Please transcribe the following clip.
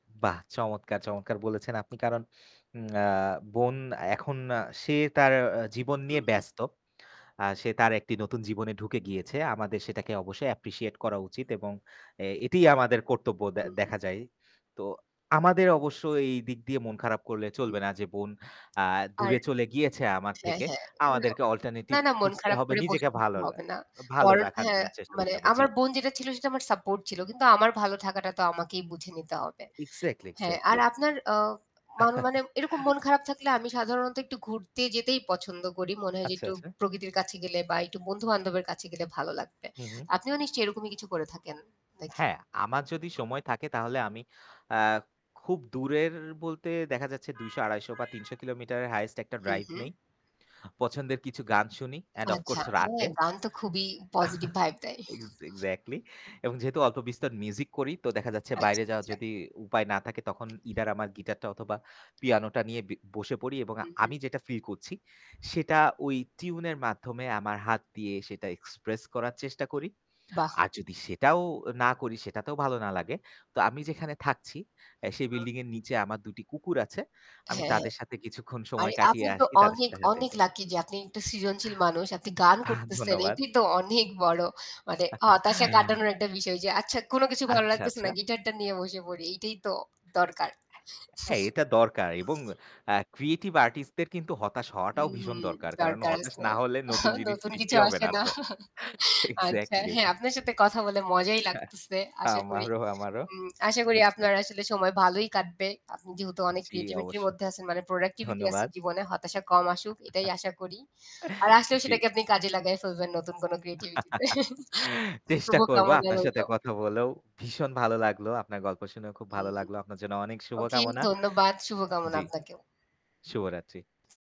বাহ! চমৎকার, চমৎকার বলেছেন আপনি। কারণ আ বোন এখন আ সে তার আ জীবন নিয়ে হুম, হুম। ব্যস্ত। আ সে তার একটি নতুন জীবনে ঢুকে গিয়েছে। আমাদের সেটাকে অবশ্যই অ্যাপ্রিশিয়েট করা উচিত এবং এ এটিই আমাদের কর্তব্য দে হুম, হুম। দেখা যায়। তো আমাদের অবশ্য এইদিক দিয়ে মন খারাপ করলে হুম। চলবে না যে বোন আ আর দূরে চলে গিয়েছে আমার হ্যাঁ, থেকে। হ্যাঁ, না, আমাদেরকে অল্টারনেটিভ না, না, মন খুঁজতে খারাপ হবে করে বসে নিজেকে থাকতে ভালোলে হবে না। ভালো কারন রাখার হ্যাঁ, জন্য চেষ্টা মানে করতে হবে। জি। আমার বোন যেটা ছিল, সেটা আমার সাপোর্ট ছিল। কিন্তু আমার ভালো থাকাটা তো আমাকেই বুঝে নিতে হবে। এক্সাক্টলি, হ্যাঁ, আর এক্সাক্টলি। আপনার আ মানে মানে, এরকম মন খারাপ থাকলে আমি সাধারণত একটু ঘুরতে যেতেই পছন্দ করি। মনে হয় যে, আচ্ছা, একটু আচ্ছা। প্রকৃতির কাছে গেলে বা একটু বন্ধুবান্ধবের কাছে গেলে ভালো লাগবে। হুম, হুম। আপনিও নিশ্চয়ই এরকমই কিছু করে থাকেন, নাকি? হ্যাঁ, আমার যদি সময় থাকে তাহলে আমি আ খুব দূরের বলতে দেখা যাচ্ছে ২০০, ২৫০ বা ৩০০ কিলোমিটারের হাইয়েস্ট একটা হুম, ড্রাইভ হুম। নেই। পছন্দের কিছু গান শুনি, অ্যান্ড অফ আচ্ছা, কোর্স রাতে। হ্যাঁ গান তো খুবই পজিটিভ ভাইব দেয়। এক্স এক্সাক্টলি এবং যেহেতু অল্প বিস্তর মিউজিক করি, তো দেখা যাচ্ছে আচ্ছা, বাইরে যাওয়ার আচ্ছা। যদি উপায় না থাকে তখন ইদার আমার গিটারটা অথবা পিয়ানোটা নিয়ে বি বসে পড়ি এবং হুম, হুম। আমি যেটা ফিল করছি সেটা ওই টিউন এর মাধ্যমে আমার হাত দিয়ে সেটা এক্সপ্রেস করার চেষ্টা করি। বাহ। আর যদি সেটাও না করি সেটাতেও ভালো না লাগে। তো আমি যেখানে থাকছি, অ্যা হুম, সেই হুম। বিল্ডিং এর নিচে আমার দুটি কুকুর আছে। আমি হ্যাঁ, হ্যাঁ। তাদের সাথে কিছুক্ষণ সময় আরে কাটিয়ে আপনি তো আসি তাদের অনেক, সাথে হেটে, অনেক হেটে। লাকি যে আপনি একটা সৃজনশীল মানুষ আপনি গান করতেছেন ধন্যবাদ। এটাই তো অনেক বড় মানে হতাশা কাটানোর একটা বিষয় যে আচ্ছা, কোন কিছু ভালো আচ্ছা, লাগতেছে না আচ্ছা। গিটার টা নিয়ে বসে পড়ি এইটাই তো দরকার। হ্যাঁ এটা দরকার এবং আ ক্রিয়েটিভ আর্টিস্ট দের কিন্তু হতাশ হওয়াটাও ভীষণ হুম, দরকার। কারণ দরকার হতাশ আছে। না হলে নতুন জিনিস নতুন সৃষ্টি কিছু হবে আসে না না। তো। আচ্ছা এক্সাক্টলি। হ্যাঁ, আপনার সাথে কথা বলে মজাই লাগতেছে। আশা করি আমারও, আমারও। হুম, আশা করি [unintelligible] আপনার আসলে সময় ভালোই কাটবে। আপনি যেহেতু অনেক জ্বি ক্রিয়েটিভিটি র অবশ্যই। মধ্যে আছেন মানে প্রোডাক্টিভিটি আছে ধন্যবাদ। জীবনে হতাশা কম আসুক এটাই আশা করি। আর আসলেও জ্বি। সেটাকে আপনি কাজে লাগায় ফেলবেন নতুন কোন ক্রিয়েটিভিটি তে। চেষ্টা করব শুভকামনা আপনার সাথে রইলো। কথা বলেও ভীষণ ভালো লাগলো। আপনার গল্প শুনেও খুব হু, ভালো হুম। লাগলো। আপনার জন্য অনেক ওকে, শুভকামনা। ধন্যবাদ। শুভকামনা জ্বি। আপনাকেও। শুভরাত্রি।